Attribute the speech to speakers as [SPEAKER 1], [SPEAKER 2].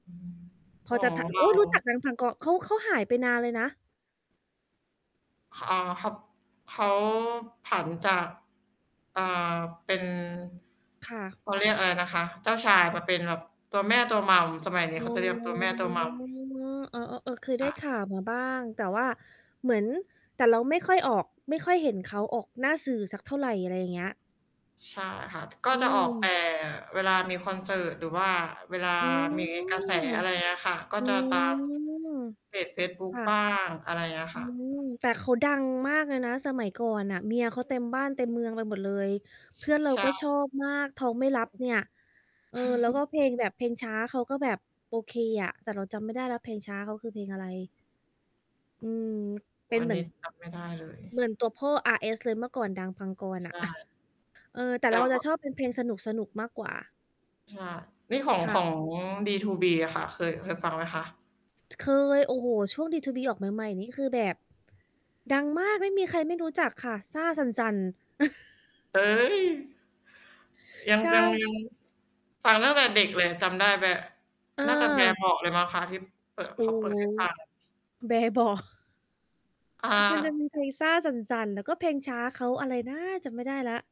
[SPEAKER 1] พ
[SPEAKER 2] อ๋
[SPEAKER 1] อ
[SPEAKER 2] อ
[SPEAKER 1] จะ ท
[SPEAKER 2] เร
[SPEAKER 1] โอ
[SPEAKER 2] า
[SPEAKER 1] ๊ย รู้จัก ดัง พันกร เขา เขาหายไปนานเลยนะ
[SPEAKER 2] อา คับ เขาผันจาก อ่า เป็น
[SPEAKER 1] ค่ะ
[SPEAKER 2] เขาเรียกอะไรนะคะ เจ้าชายมาเป็นแบบตัวแม่ตัว Mom สมัยนี
[SPEAKER 1] อ
[SPEAKER 2] ้เ
[SPEAKER 1] ๋
[SPEAKER 2] ข
[SPEAKER 1] อ
[SPEAKER 2] าจะเรียกตัวแม่ตัว Mom
[SPEAKER 1] อ้อ ๆ เออ เคย
[SPEAKER 2] ค
[SPEAKER 1] ได้
[SPEAKER 2] ่ะ
[SPEAKER 1] ข่าวมาบ้าง แต่ว่าเหมือน แต่เราไม่ค่อยออก ไม่ค่อยเห็นเขาออกหน้าสื่อสักเท่าไร อะไรอย่างเงี้ย
[SPEAKER 2] ใช่ค่ะ ก็
[SPEAKER 1] อื
[SPEAKER 2] จะออก แต่
[SPEAKER 1] ม
[SPEAKER 2] เวลามีคอนเสิร์ต หรือว่าเวลา
[SPEAKER 1] อื
[SPEAKER 2] มีกระแส
[SPEAKER 1] ม
[SPEAKER 2] อะไรอย่างเงี้ยค่ะ ก็
[SPEAKER 1] อื
[SPEAKER 2] จะตาม
[SPEAKER 1] ม
[SPEAKER 2] เพจเฟซบุ๊
[SPEAKER 1] ค
[SPEAKER 2] ก
[SPEAKER 1] ่
[SPEAKER 2] บ
[SPEAKER 1] ะ
[SPEAKER 2] ้าง อะไรอย่างเงี้ย
[SPEAKER 1] อ
[SPEAKER 2] ค
[SPEAKER 1] ื
[SPEAKER 2] ่ะ อื
[SPEAKER 1] ม
[SPEAKER 2] ม
[SPEAKER 1] แต่เขาดังมากเลยนะ สมัยก่อนน่ะ เมียเขาเต็มบ้านเต็มเมืองไปหมดเลย
[SPEAKER 2] ช
[SPEAKER 1] เพื่อนเรา
[SPEAKER 2] ใช
[SPEAKER 1] ก็ช
[SPEAKER 2] ่
[SPEAKER 1] อบมากท้องไม่รับเนี่ย เออ แล้วก็เพลงแบบ เพลงช้าเขาก็แบบ โอเคอะ แต่เราจำไม่ได้แล้วเพลงช้าเขา คือเพลงอะไร? อืม เ
[SPEAKER 2] โอ
[SPEAKER 1] ป
[SPEAKER 2] ้
[SPEAKER 1] ็
[SPEAKER 2] โฮ
[SPEAKER 1] น
[SPEAKER 2] อั
[SPEAKER 1] เ
[SPEAKER 2] น
[SPEAKER 1] หมื
[SPEAKER 2] น
[SPEAKER 1] อ
[SPEAKER 2] ี้
[SPEAKER 1] น
[SPEAKER 2] จำ ไม่ได้เลย
[SPEAKER 1] เหมือนตัวพ่ออาร์เอส เลย เมื่อก่อน ดัง พันกร น
[SPEAKER 2] ใ
[SPEAKER 1] ่
[SPEAKER 2] ช
[SPEAKER 1] ะ
[SPEAKER 2] ่
[SPEAKER 1] เออ แต่
[SPEAKER 2] แ
[SPEAKER 1] เ
[SPEAKER 2] ต
[SPEAKER 1] รา
[SPEAKER 2] ่
[SPEAKER 1] จะ
[SPEAKER 2] ว
[SPEAKER 1] ชอบเป็นเพลงสนุก ๆ มากกว่า
[SPEAKER 2] ใช่ นี่ของ
[SPEAKER 1] ค่
[SPEAKER 2] ขอ
[SPEAKER 1] ะ
[SPEAKER 2] ง D2B อะค่ะ เคย เคยฟังไหมคะ?
[SPEAKER 1] เคย โอ้โฮ ช่วง D2B ออกใหม่ ๆ นี่ก็คือแบบ ดังมาก ไม่มีใครไม่รู้จักค่ะ ซ่าสั่น ๆ
[SPEAKER 2] เฮ้ย! ยัง
[SPEAKER 1] ใช
[SPEAKER 2] จัง
[SPEAKER 1] ่
[SPEAKER 2] ยัง ฟังตั้งแต่เด็กเลย จำได้ แบ น่าจะแบ
[SPEAKER 1] เออ
[SPEAKER 2] เบาะเลยมั้งคะ ที่เปิด
[SPEAKER 1] โอ
[SPEAKER 2] เ
[SPEAKER 1] ้
[SPEAKER 2] ขาเปิ
[SPEAKER 1] โ
[SPEAKER 2] ด
[SPEAKER 1] ฮ
[SPEAKER 2] ให้ฟัง
[SPEAKER 1] แบเบาะ
[SPEAKER 2] อ่
[SPEAKER 1] มันจะ
[SPEAKER 2] า
[SPEAKER 1] มีเพลง ซ่าสั่น ๆ แล้วก็เพลงช้า เขา อะไรนะจำไม่ได้แล้ว